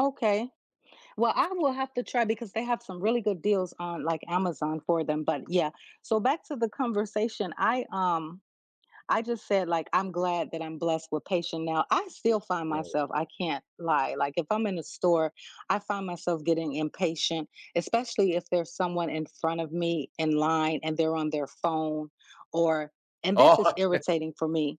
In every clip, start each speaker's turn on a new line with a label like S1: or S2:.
S1: Okay. Well, I will have to try because they have some really good deals on, like, Amazon for them, but yeah, so back to the conversation, I um, I just said like, "I'm glad that I'm blessed with patient now," I still find
S2: Right.
S1: myself I can't lie, like, if I'm in the store, I find myself getting impatient, especially if there's someone in front of me in line and they're on their phone or and
S2: Oh,
S1: this is
S2: okay.
S1: irritating for me,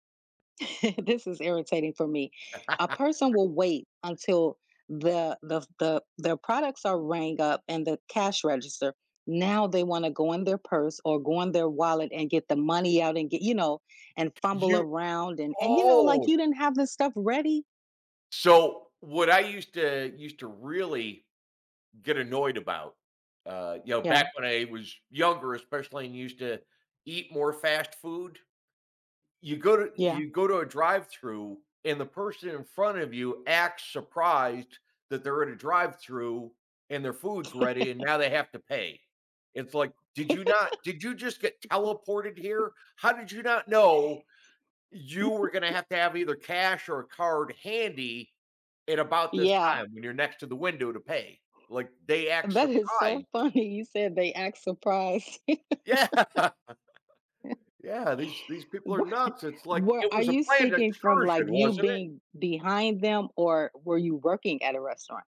S1: this is irritating for me- a person will wait until the the the the products are rang up and the cash register, now they wanna go in their purse or go in their wallet and get the money out and get you know, and fumble
S2: You
S1: around and and, you know, like,
S2: oh!
S1: "You didn't have this stuff ready?"
S2: So, what I used to used to really get annoyed about, uh, you know, back
S1: Yeah.
S2: when I was younger, especially, and used to eat more fast food, you go to
S1: Yeah.
S2: you go to a drive-thru and the person in front of you acts surprised that they're at a drive-thru and their food's ready and now they have to pay. It's like, "Did you not did you just get teleported here? How did you not know you were gonna have to have either cash or a card handy in about this
S1: Yeah.
S2: time when you're next to the window to pay?" Like, they act
S1: That is so
S2: surprised.
S1: funny, you said they act surprised.
S2: Yeah. Yeah, these these people are
S1: What
S2: nuts, it's, like, "It
S1: where are
S2: was a
S1: you
S2: planned
S1: speaking from,
S2: excursion,
S1: like, you
S2: wasn't it?"
S1: being behind them, or were you working at a restaurant?